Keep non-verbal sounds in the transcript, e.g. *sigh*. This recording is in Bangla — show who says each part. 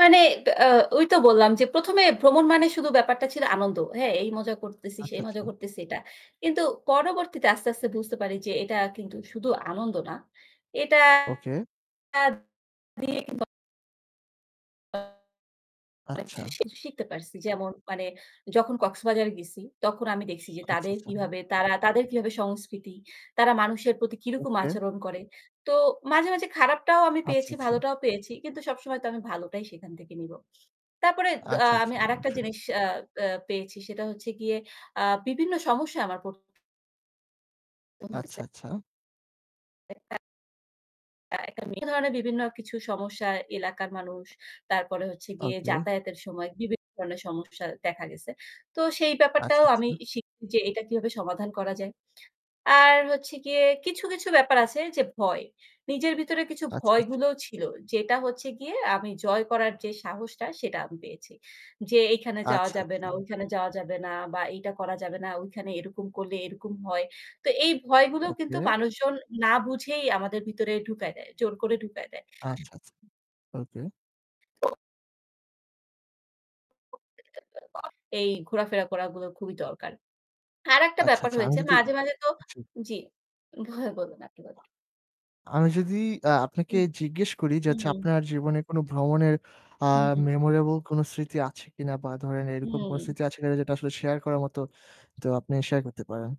Speaker 1: মানে, ত্যা অ ঐ তো বললাম যে ১ম এ ভ্রমণ মানে শুধু ব্যাপারটা ছিল আনন্দ। হ্যাঁ, এই মজা করতেছি,
Speaker 2: আচ্ছা,
Speaker 1: সেই মজা
Speaker 2: আচ্ছা।
Speaker 1: করতেছি এটা। কিন্তু পরবর্তীতে আস্তে, আস্তে বুঝতে পারি যে এটা কিন্তু শুধু আনন্দ না। এটা
Speaker 2: ওকে।
Speaker 1: দিয়ে কিন্তু আমরা অনেক
Speaker 2: আচ্ছা।
Speaker 1: কিছু শিখতে পারছি। যেমন মানে যখন কক্সবাজারে গেছি তখন আমি দেখছি যে
Speaker 2: আচ্ছা,
Speaker 1: তাদের
Speaker 2: আচ্ছা।
Speaker 1: কিভাবে তারা, তাদের কিভাবে সংস্কৃতি, তারা মানুষের প্রতি কিরকম
Speaker 2: ওকে।
Speaker 1: আচরণ করে। তো মাঝে, মাঝে খারাপটাও আমি
Speaker 2: আচ্ছা,
Speaker 1: পেয়েছি,
Speaker 2: আচ্ছা।
Speaker 1: ভালোটাও পেয়েছি। কিন্তু সবসময় তো আমি ভালোটাই সেখান থেকে নিব। তারপরে, দ আ
Speaker 2: আচ্ছা, আচ্ছা
Speaker 1: আমি আরেকটা
Speaker 2: অবশ্যই।
Speaker 1: জিনিস, আ আ পেয়েছি সেটা হচ্ছে গিয়ে আ বিভিন্ন সমস্যা আমার পর *unintelligible*
Speaker 2: আচ্ছা,
Speaker 1: হইছে।
Speaker 2: আচ্ছা।
Speaker 1: এটা। একদমই, এই ধরনের বিভিন্ন কিছু সমস্যা, এলাকার মানুষ তারপরে হচ্ছে গিয়ে
Speaker 2: ওকে।
Speaker 1: যাতায়াতের সময় বিভিন্ন ধরনের সমস্যা দেখা গেছে। তো সেই
Speaker 2: আচ্ছা,
Speaker 1: ব্যাপারটাও আমি
Speaker 2: আচ্ছা।
Speaker 1: শিখছি যে এটা কিভাবে সমাধান করা যায়। আর হচ্ছে গিয়ে কিছু, কিছু ব্যাপার আছে যে ভয়। নিজের ভেতরে কিছু
Speaker 2: আচ্ছা, আচ্ছা।
Speaker 1: ভয়গুলোও ছিল যেটা হচ্ছে গিয়ে আমি জয় করার যে সাহসটা সেটা আমি পেয়েছি। যে এইখানে যাওয়া
Speaker 2: আচ্ছা,
Speaker 1: যাবে
Speaker 2: আচ্ছা।
Speaker 1: না, ওইখানে যাওয়া যাবে না বা এইটা করা যাবে না, ওইখানে এরকম করলে এরকম হয়। তো এই ভয়গুলো কিন্তু
Speaker 2: ওকে।
Speaker 1: মানুষজন না বুঝেই আমাদের ভেতরে ঢুকায় দেয়, জোর করে ঢুকায় দেয়।
Speaker 2: আচ্ছা, আচ্ছা। ওকে।
Speaker 1: তো। *unintelligible* এই ঘোরাফেরা করা গুলো খুবই দরকার। আর একটা
Speaker 2: আচ্ছা,
Speaker 1: ব্যাপার
Speaker 2: আচ্ছা আমি
Speaker 1: হয়েছে
Speaker 2: যদি
Speaker 1: মাঝে, মাঝে তো
Speaker 2: জি।
Speaker 1: জি। ভয়ে *unintelligible* আপনি বলেন।
Speaker 2: আমি যদি অ্যা আপনাকে
Speaker 1: উ
Speaker 2: জিজ্ঞেস করি যে হচ্ছে
Speaker 1: উহু।
Speaker 2: আপনার জীবনে কোনো ভ্রমণের আ
Speaker 1: হু, হু।
Speaker 2: memorable কোনো স্মৃতি আছে কিনা বা ধরেন এরকম কোনো
Speaker 1: হু।
Speaker 2: স্মৃতি আছে কিনা যেটা আসলে share করার মতো, তো আপনি share করতে পারেন?